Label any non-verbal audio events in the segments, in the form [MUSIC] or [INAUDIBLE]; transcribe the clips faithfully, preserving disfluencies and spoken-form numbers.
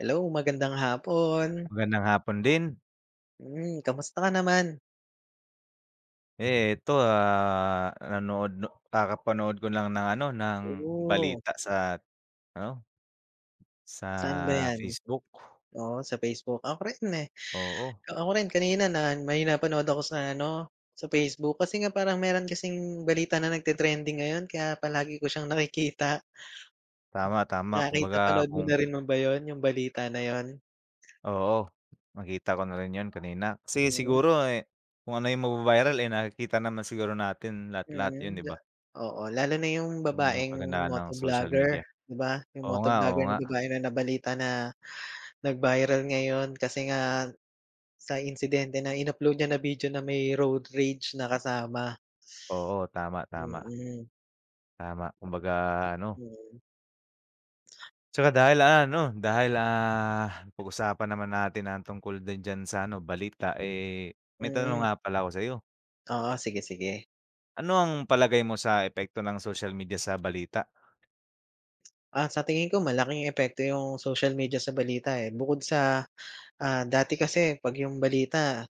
Hello magandang hapon. Magandang hapon din. Mm, kamusta ka naman? Ito, ah, nanood kakapanood ko lang ng ano, ng, Oh. balita sa ano Saan ba sa yan? Facebook. O sa Facebook, ako rin eh, Oo. ako rin kanina na may napanood ako sa ano, sa Facebook kasi nga parang meron kasing balita na nagte-trending ngayon kaya palagi ko siyang nakikita. Tama, tama, Nakita kumbaga panood mo kung na rin mo ba yun, yung balita na yun? Oo, nakita ko na rin yun kanina, kasi Mm. siguro eh, kung ano yung magva-viral eh, nakikita naman siguro natin lahat lahat yun Mm, 'di ja ba? oo, lalo na yung 'Yun 'yung babaeng kagandahan ng social media, motoblogger, 'di ba? Yung Oo nga, oo motoblogger na nga. babae na nabalita na, nag-viral ngayon kasi nga sa insidente na in-upload niya na video na may road rage na kasama. Oo, tama, tama. Mm. Tama, kumbaga ano Hmm. Tsaka dahil ah, ano dahil ah, napag-usapan naman natin ang tungkol din diyan sa ano balita eh, may tanong Mm. nga pala ako sa'yo. Oo, sige, sige. Ano ang palagay mo sa epekto ng social media sa balita? Ah, sa tingin ko malaking epekto 'yung social media sa balita, eh, bukod sa, ah dati kasi 'pag 'yung balita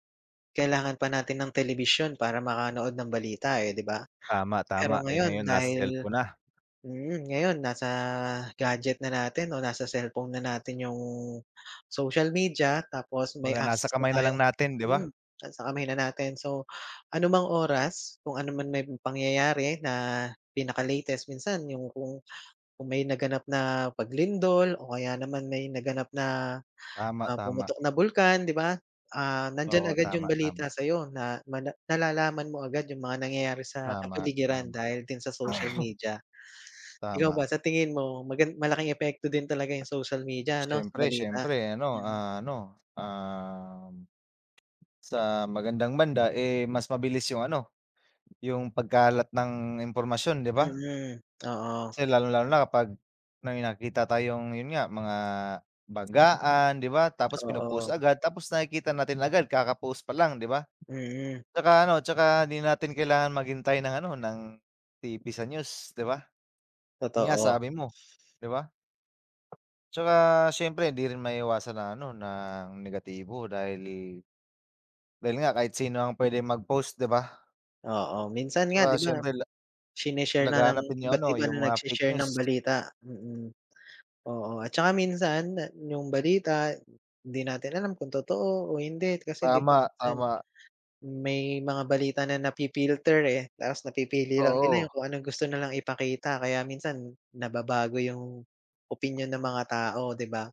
kailangan pa natin ng telebisyon para makanood ng balita, eh, di ba? Tama, tama, Pero eh, ngayon ngayon nasa dahil cellphone na. mm, ngayon nasa gadget na natin o nasa cellphone na natin 'yung social media tapos may Kumbaga nasa access na kamay na tayo lang natin, di ba? mm, sa kamay na natin, so anumang oras, kung ano man may pangyayari na pinaka-latest minsan 'yung kung kung may naganap na paglindol o kaya naman may naganap na, Tama, ah, tama. pumutok na bulkan, di ba, ah, nandiyan Oo, agad tama, 'yung tama. balita sa'yo na mana nalalaman mo agad 'yung mga nangyayari sa Tama, kapaligiran tama. dahil din sa social media. Ikaw Tama. ba, sa tingin mo magan malaking epekto din talaga 'yung social media ano, Siyempre, balita? siyempre ano, Mm. ano, um, sa magandang banda, eh, mas mabilis 'yung ano, 'yung pagkalat ng impormasyon, di ba? Mm, oo. Kasi lalong-lalo na kapag may nakikita tayong 'yun nga, mga banggaan, di ba, tapos pino-post Oo. agad tapos nakikita natin agad kaka-post pa lang, di ba? Mm. Tsaka ano, tsaka hindi natin kailangan maghintay ng ano, ng TV sa news, di ba? 'Yun nga, Totoo. sabi mo, di ba? Tsaka, siyempre, hindi rin maiwasan ng ano ng negatibo dahil, eh, dahil nga kahit sino ang pwedeng mag-post, 'di ba? Oo, minsan nga, 'di Tsaka, ba, siyempre, la shine-share na ng laganap din yung iba't ano, iba yung na mga fake nag-she-share ng news. balita, mm. Oo, at saka minsan na yung balita, 'di natin alam kung totoo o hindi kasi, 'di ba, Tama, minsan, tama. may mga balita na na-fi-filter, eh, tapos napipili lang nila yung Oo. kung anong gusto na lang ipakita. Kaya minsan, nababago yung opinyon ng mga tao, 'di ba?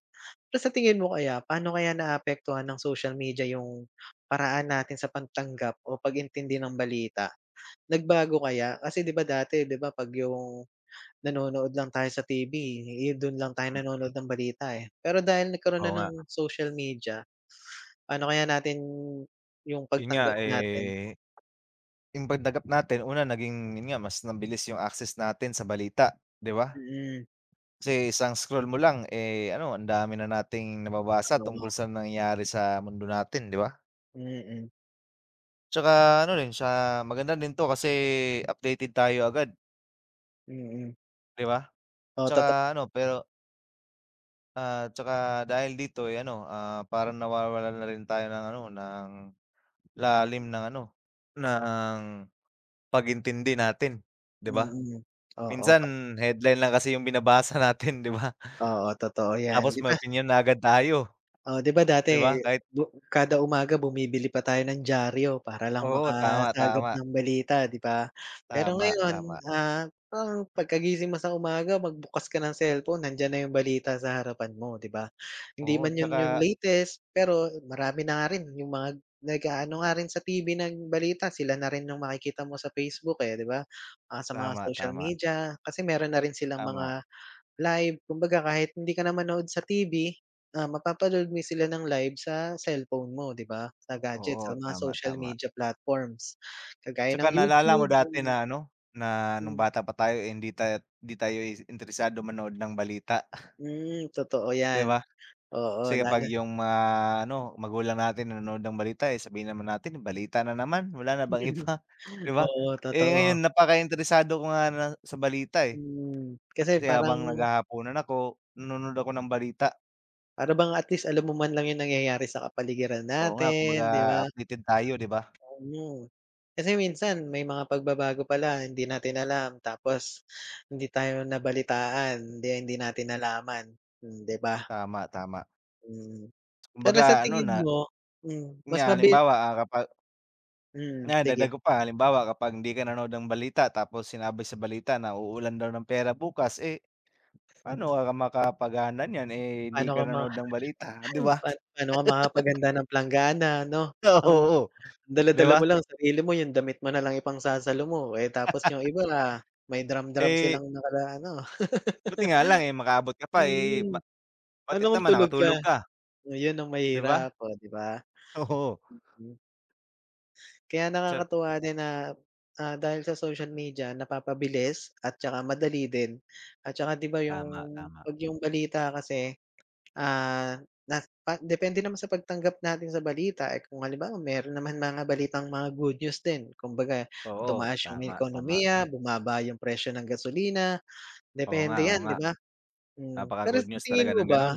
Pero sa tingin mo kaya, paano kaya naaapektuhan ng social media yung paraan natin sa pagtanggap o pag-intindi ng balita? Nagbago kaya? Kasi, 'di ba, dati, 'di ba, 'pag yung nanonood lang tayo sa TV, eh, don lang tayo nanonood ng balita, eh. Pero dahil nagkaroon Oo na nga. ng social media, paano kaya natin yung Yun nga, pagtanggap natin? eh, yung pagtanggap natin una, naging 'yun nga, mas mabilis yung access natin sa balita, 'di ba? Mm. Kasi isang scroll mo lang, eh, ano ang dami na nating nababasa No o. tungkol sa nangyayari sa mundo natin, 'di ba? Mm. Tsaka ano rin siya, maganda din to, kasi updated tayo agad. Mm. 'Di ba, Oo toto tsaka ano, pero Ah, tsaka dahil dito, ay ano, ah, parang nawawalan na rin tayo ng ano, ng lalim ng ano, ng pag-intindi natin, 'di ba? Mm, oo. Kas Minsan headline lang kasi yung binabasa natin, 'di ba? Oo, totoo yan, Tapos 'di may ba? opinyon na agad tayo. Oh, 'di ba, 'Di dati, ba kahit bu kada umaga bumibili pa tayo ng diaryo para lang Oo, tama, makasagap tama. ng balita, 'di ba. Pero Tama, ngayon, tama. ah, parang pagkagising mo sa umaga, magbukas ka ng cellphone, nandiyan na yung balita sa harapan mo, 'di ba. Hindi Oo, man yun yung tsaka latest, pero marami na nga rin yung mga nag-aano nga rin sa TV ng balita. Sila na rin yung makikita mo sa Facebook, eh, 'di ba, ah, sa mga Tama, social tama. media, kasi meron na rin silang Tama. mga live, kumbaga kahit hindi ka na manood sa TV, ah, mapapanood mo sila ng live sa cellphone mo, 'di ba, sa gadgets, sa Oo mga tama, social tama. media platforms, kagaya ng Tsaka naalala mo YouTube dati ganun. na ano, na nung Mm. bata pa tayo, eh, hindi tayo'y hindi tayo interesado manood ng balita. Hmm, totoo 'Di yan, ba? oo Kasi kapag lalo yung mga ano, magulang natin nanonood ng balita, eh, sabihin naman natin balita na naman, wala na bang [LAUGHS] iba, 'di ba? Oo Eh, totoo. ngayon napakainteresado ko nga na sa balita eh. Hmm, kasi Kasi parang habang naghahapunan ako, nanonood ako ng balita. Para bang at least alam mo man lang yung nangyayari sa kapaligiran Oo nga, kumbaga natin, 'di ba? updated tayo 'di ba? Tama, kasi minsan, may mga pagbabago pala hindi natin alam tapos, hindi tayo nabalitaan hindi hindi natin nalaman hmm, 'di ba? Tama, tama. Mm. Pero sa Kumbaga ano tingin na mo hmm, Yun mas nga mabil halimbawa, ah, kapa Hmm, nga dagdag sige. ko pa halimbawa kapag hindi ka nanood ng balita tapos sinabi sa balita na uulan daw ng pera bukas, eh, paano ka makakapagaanan 'yan, eh, hindi Paano ka ka ma nanonood ng balita 'di ba? [UNINTELLIGIBLE] pa paano ka makakapaghanda [LAUGHS] ng planggana 'no? Ah, Ang oo, 'di dala-dala mo ba? lang sarili mo yung damit mo nalang ipangsasalo mo eh, tapos yung [LAUGHS] iba may drum-drum Eh silang nakala ano. [LAUGHS] Buti nga lang, eh, makaabot ka pa, eh, Mm. ba what if Paano kung naman tulog nakatulog ka? ka? Ayun ang Di ba? mahirap oh, 'di ba? Oo. Mm. Kaya Sa nakakatuwa din na, ah, dahil sa social media napapabilis at saka madali din, at saka 'di ba, 'yung, Tama, tama. 'pag yung balita kasi, ah, na pa depende naman sa pagtanggap natin sa balita, eh, kung halimbawa meron naman mga balitang mga good news din, kumbaga Oo, tumaas 'yung tama, tama. ekonomiya, bumaba yung presyo ng gasolina, Oo nga, depende oo 'yan, nga, 'di ba? Hmm. Pero napaka-good sa news talaga tingin ng mo ba, ganun.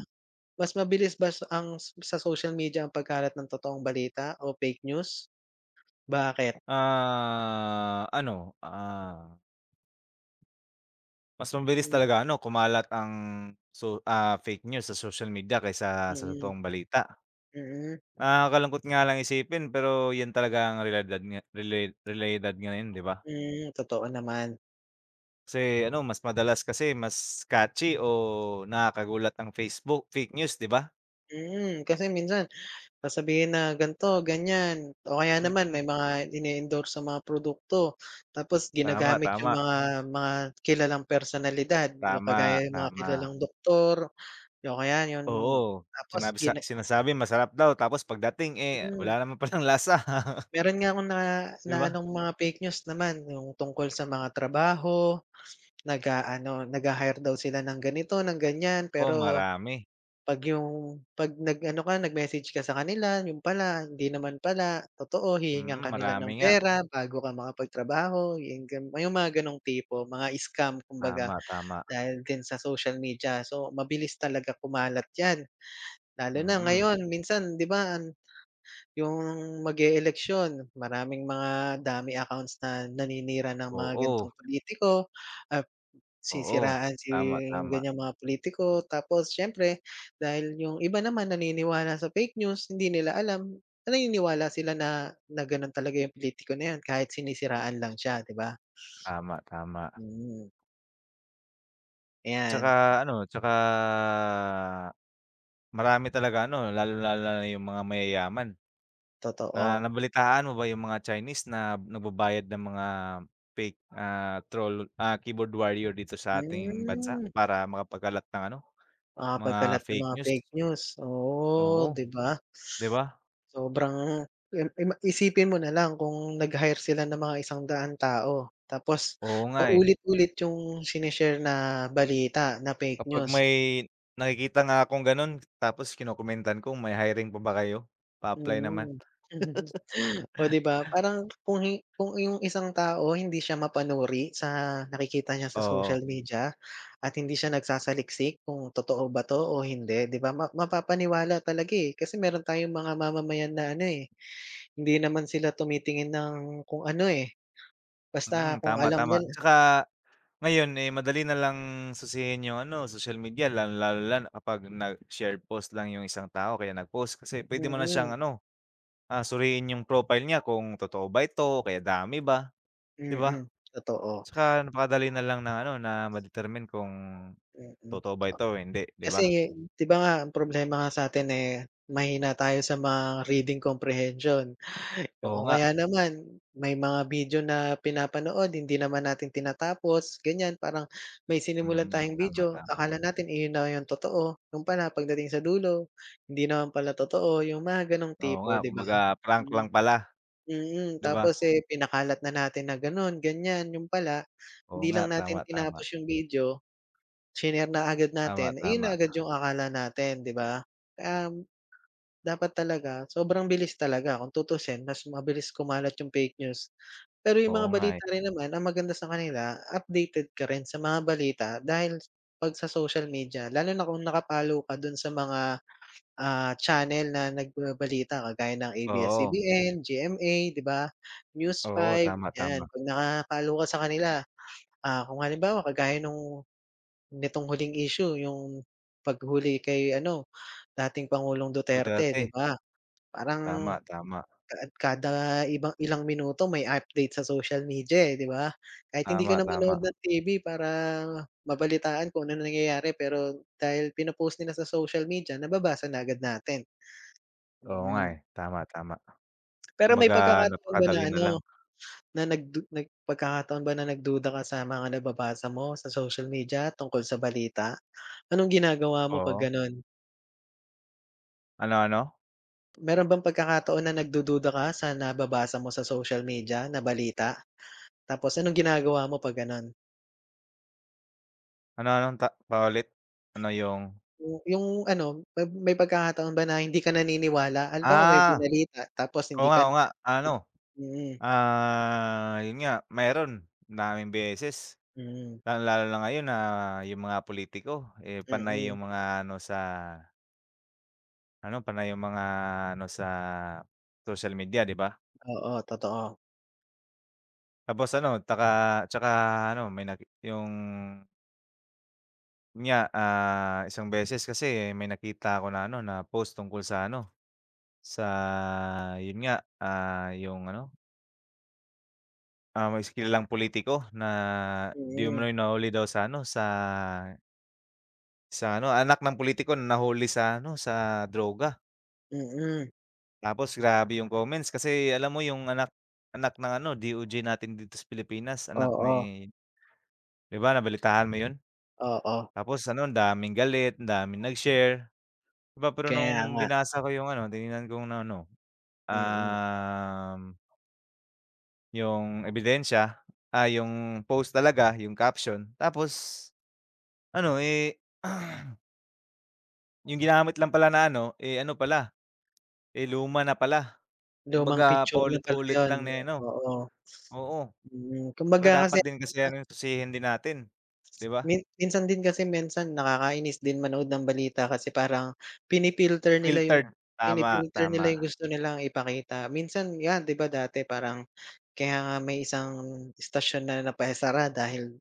mas mabilis bas ang s sa social media ang pagkalat ng totoong balita o fake news? Bakit? Ah, ano, ah Mas mabilis Hmm. talaga ano kumalat ang so, ah, fake news sa social media kaysa sa Mm. totoong balita. Mm. Nakakalungkot nga lang isipin pero, 'yun talaga ang realidad nga rela realidad ngayon, 'di ba? Hmm, totoo naman. Kasi ano, mas madalas kasi, mas catchy o, nakakagulat ang Faceboo fake news, 'di ba? Mm, kasi minsan, sasabihin na ganito ganyan, o kaya naman Mm. may mga ine-endorsong mga produkto, tapos Tama, ginagamit yung tama. mga mga kilalang personalidad yung Tama, kagaya ng mga tama. kilalang doktor, oh kaya yun, Oo, tapos sinabi sa gina sinasabi masarap daw tapos pagdating, eh, Mm. wala naman palang lasa. [CHUCKLES] Meron nga akong na 'Di na ba? anong mga fake news naman, yung tungkol sa mga trabaho, nag-aano nagha-hire daw sila ng ganito ng ganyan Oh, pero, marami. 'pag yung, 'pag nag ano ka nag-message ka sa kanila yun pala hindi naman pala totoo' hihingan ka Mm, nila marami ng nga. pera bago ka makapagtrabaho yung gan ah, yung mga ganong tipo mga scam kumbaga, Tama, tama. dahil din sa social media so mabilis talaga kumalat yan. Lalo na Mm. ngayon minsan 'di ba, an yung, mag-e eleksyon, maraming mga dummy accounts na naninira ng mga gantong Oo. pulitiko, at Oo sisiraan si tama tama. ganyang mga pulitiko tapos siyempre dahil yung iba naman naniniwala sa fake news, hindi nila alam, na naniniwala sila na na ganon talaga yung pulitiko na yan kahit sinisiraan lang siya, 'di ba? Tama, tama. Mm. 'Tsaka, Ayan. ano, tsaka, marami talaga ano, lalong-lalo na yung mga mayayaman. Na Totoo. nabalitaan mo ba yung mga Chinese na nagbabayad ng mga fake, ah, troll, ah, keyboard warrior dito sa ating bansa Hmm. para makapagkalat ng, ano, mga Makakapagkalat ng fake mga news. fake news, oo, Oo, 'di ba? di ba? Sobrang yun, ay ma isipin mo na lang, kung nag-hire sila ng mga isang daang tao, tapos Oo, nga, eh. paulit-ulit yung shine-share na balita, na fake Kapag news. may nakikita nga akong ganon, tapos kinokomentan ko, "May hiring pa ba kayo? Pa-apply naman." Mm. [CHUCKLES] Oh, di ba, [LAUGHS] parang kung hi kung iyong isang tao hindi siya mapanuri sa nakikita niya sa Oo. social media at hindi siya nagsasaliksik, kung totoo ba to o hindi 'di ba, ma mapapaniwala talaga, eh. Kasi meron tayong mga mamamayan na ano, eh, hindi naman sila tumitingin ng kung ano, eh, basta Mm, kung tama, alam tama. nila Tsaka ngayon, eh, madali na lang sisihin yung ano, social media, lalong-lalo na kapag nag-share post lang yung isang tao o kaya nag-post. Kasi puwede mo na Mm. siyang ano, ah, suriin yung profile niya kung totoo ba ito o kaya dummy ba, 'di ba? Mm, totoo. Tsaka napakadali na lang ng ano na, ma-determine kung Mm, totoo ba ah, ito o hindi, 'di ba? kasi di ba nga, ang problema nga sa atin, eh, mahina tayo sa mga reading comprehension, Oo, o nga. kaya naman may mga video na pinapanood, hindi naman natin tinatapos, ganyan. Parang may sinimulan Mm, tayong tama, video, tama. akala natin iyon na yung totoo, yun pala pagdating sa dulo, hindi naman pala totoo, yung mga ganong Oo, nga, tipo, 'di ba? kumbaga prank Hmm. lang pala, Mm, di ba? tapos, eh, pinakalat na natin na ganon, ganyan, yun pala Oo, hindi lang nga, natin tama, tama. tinapos yung video, shinare na agad Tama, natin, iyon na tama. agad yung akala natin, 'di ba? Um, dapat talaga, sobrang bilis talaga kung tutusin, mas mabilis kumalat yung fake news. Pero yung Oo, mga nga, eh. balita rin naman ang maganda sa kanila, updated ka rin sa mga balita, dahil 'pag sa social media, lalo na kung naka-follow ka dun sa mga, ah, channel na nagbabalita, kagaya ng Oo. A-B-S-C-B-N, G-M-A di ba, News Oo, 5, tama, yan, tama. 'pag naka-follow ka sa kanila. Ah, kung halimbawa kagaya nung nitong huling issue, yung paghuli kay ano, dating Pangulong Duterte, 'di Duterte. ba, parang Tama, tama. kaad kada iba ilang minuto, may update sa social media, eh, di ba? Kahit hindi ka Tama, na manood tama. ng T-V para mabalitaan kung anong nangyayari, pero dahil pinopost nila sa social media, nababasa na agad natin. Oo, nga, eh, Mm. tama, tama. Pero may Kumbaga, pagkakataon ba na napakadali na ano, lang. na nagdu nag pagkakataon ba na nagduda ka sa mga nababasa mo sa social media tungkol sa balita, anong ginagawa mo 'pag Oo. ganon? Ano, ano? Meron bang pagkakataon na nagdududa ka sa nababasa mo sa social media na balita? Tapos anong ginagawa mo 'pag gano'n? Ano-anong ta paulit. Ano yung? Yung yung ano 'pag may pagkakataon ba na hindi ka naniniwala? Halimbawa may Ah, binalita tapos oo hindi nga, ka oo na nga. Ano, m mm. ah, yun nga meron, madaming beses, Mm. lalong-lalo na ngayon na yung mga pulitiko, eh, panay Mm. yung mga ano sa ano panay yung mga ano sa social media, 'di ba? Oo, totoo. Tapos ano, taka, tsaka ano may nag yung yun nga, ah, isang beses kasi may nakita 'ko na ano, na post tungkol sa ano, sa yun nga, ah, yung ano? Ah, may is kilalang pulitiko na 'di Mm. umano'y nahuli daw sa ano, sa sa ano, anak ng pulitiko, na nahuli sa ano, sa droga. Mm. Tapos grabe yung comments kasi alam mo yung anak anak ng ano, D-O-J natin dito sa Pilipinas, anak Oo. ni ‘di ba nabalitaan mo yun? Oo. Tapos ano, ang daming galit, daming nag-share, ‘di ba, pero Kaya nung nga. binasa ko yung ano, tiningnan kong na ano, Mm. um yung ebidensya, ah, yung post talaga, yung caption. Tapos ano, eh [CLEARS THROAT] yung ginamit lang pala na ano, eh, ano pala, eh, luma na pala. Lumang Kumbaga picture na pala paulit-ulit yun, lang ni ano oo. oo. Mm, Tsaka kumbaga dapat kasi. din kasi [UNINTELLIGIBLE] ‘yan ano tusihin din natin, ‘di ba? Min minsan din kasi minsan, nakakainis din manood ng balita kasi parang, pini-filter nila yung Filtered. Tama, pini-filter nila tama. yung gusto nilang ipakita. Minsan, ‘yan ‘di ba dati parang, kaya nga may isang istasyon na napaisara dahil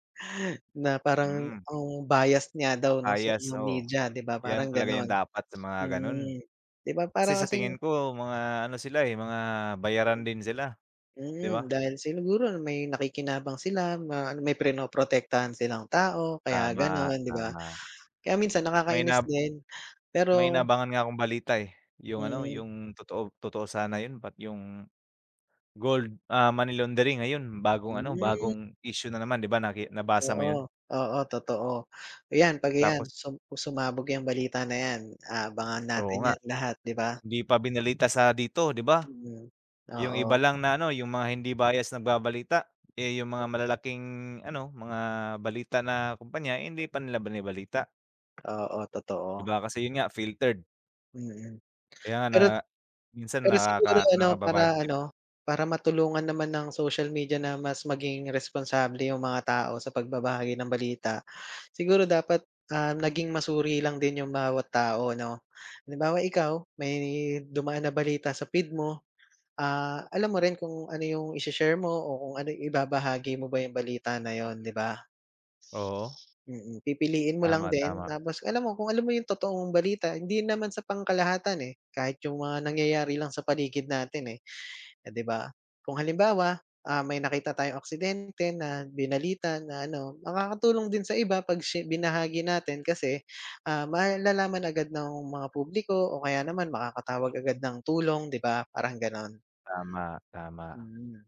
na parang Mm. ang bias nga daw nung so Bias, nung oo. media ‘di ba, ‘Yan parang talaga yung gano'n. dapat sa mga ganun. Mm, ‘di ba Kasi para sa kasing tingin ko mga ano sila, eh, mga bayaran din sila, ‘di ba? Hmm, dahil sinuguro na may nakikinabang sila, ma ano, may pinoprotektahan silang tao, kaya Tama, gano’n ‘di ba? tama. Kaya minsan May nakakainis inab din, may pero inaabangan nga akong balita, eh, yung ano, Mhm. yung totoo totoo sana yun. Ba't yung gold, ah, money laundering, ayun, bagong ano, Hmm. bagong issue na naman ‘di ba naki nabasa mo yun? Oo, oo, totoo. Iyan, ‘pag iyan Tapos sum sumabog ‘yang balita na ‘yan, aabangan Oo natin nga. ‘yan lahat, ‘di ba. 'Di pa binalita sa dito ‘di ba? Mhm, Yung iba oo. lang na ano, yung mga hindi bias nagbabalita, eh, yung mga [UNINTELLIGIBLE] malalaking ano, mga balita na kumpanya, hindi pa nila binabalita. Oo, 'Di totoo. ba, kasi yun nga filtered. Mm. Kaya na Pero minsan pero siguro nakaka ano, nakababad para trip. ano, para matulungan naman ng social media na mas maging responsable yung mga tao sa pagbabahagi ng balita, siguro dapat, ah, naging masuri lang din yung bawat tao, 'no. Halimbawa ikaw, may dumaan na balita sa feed mo, ah, alam mo rin kung ano yung isi-share mo o kung ano, ibabahagi mo ba yung balita na yun, 'di ba? Oo. Mm, pipiliin mo lang Tama, din tama. tapos alam mo, kung alam mo yung totoong balita hindi naman sa pangkalahatan, eh, kahit yung mga nangyayari lang sa paligid natin, eh, eh, 'di ba. Kung halimbawa, ah, may nakita tayong aksidente na binalita na ano makakatulong din sa iba 'pag shi binahagi natin kasi, ah, malalaman agad ng mga publiko o kaya naman makakatawag agad ng tulong, 'di ba, parang gano'n. Tama, tama. Mm.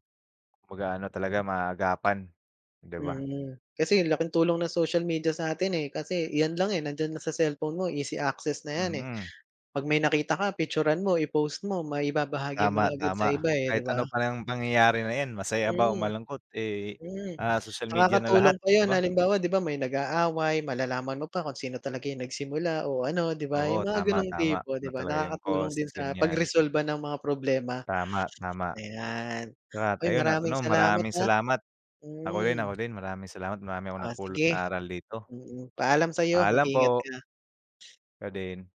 Kumbaga ano talaga maaagapan, 'di ba? Mhm. Kasi laking tulong ng social media sa'tin, eh, kasi iyan lang, eh, nandiyan na sa cellphone mo easy access na yan, eh, Mm. 'pag may nakita ka picturan mo, i-post mo, maibabahagi mo na Tama, agad sa tama, iba, eh, kahit 'di ba? ano pa yang pangyayari na 'yan masaya ba o Mm, malungkot, eh, Mm. ah, social media na lahat, Nakakatulong pa 'di yun ba? halimbawa 'di ba, may nag-aaway, malalaman mo pa kung sino talaga yung nagsimula o ano 'di ba, Oo, yung mga tama, gano'ng tama, tipo ano 'di ba, talaga yung nakakatulong cause, din sa ganyan. pagresolba ng mga problema. Tama, tama. Ayan. At Uy, ayun, at maraming ano salamat, maraming ah. salamat. Ako din, Mm. ako din maraming salamat, marami akong Oh, napulot sige, na aral dito. mm. Paalam sa'yo, Paalam mag-iingat po. ka. Ikaw din.